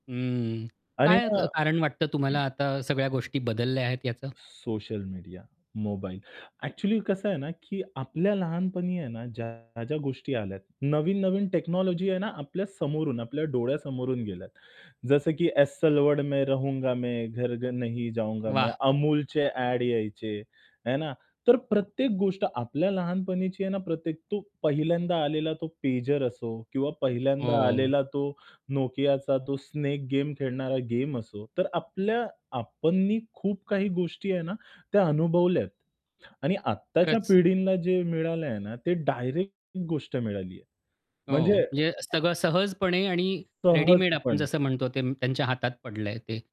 हम्म, आणि काय क कारण मग वाटतं तुम्हाला आता सगळ्या गोष्टी बदलल्या आहेत याचा? Social media, mobile. ॲक्चुअली कसं आहे ना, की आपल्या लहानपणी आहे ना ज्या, ज्या गोष्टी आल्यात, नवीन-नवीन टेक्नॉलॉजी आहे ना आपल्या समोरून, आपल्या डोळ्यासमोरून गेल्यात. जसं की एस्सेल वर्ल्ड में रहूंगा मैं. घर-घर नहीं जाऊंगा मैं. वाह! अमूलचे ॲड यायचे, आहे ना. तर प्रत्येक गोष्ट आपल्या लहानपणीची आहे ना प्रत्येक तो पहिल्यांदा आलेला तो पेजर असो किंवा पहिल्यांदा हो. आलेला तो नोकियाचा तो स्नेक गेम खेळणारा गेम असो. तर आपल्या आपणनी खूप काही गोष्टी आहे ना, त्या अनुभवल्यात आणि आत्ताच्या खरंच. पिढींना जे मिळालं आहे ना, ते डायरेक्ट गोष्ट मिळाली आहे, हो. म्हणजे म्हणजे सगळं सहजपणे आणि रेडीमेड आपण सहजपणे. जसं म्हणतो ते त्यांच्या हातात पडलंय ते.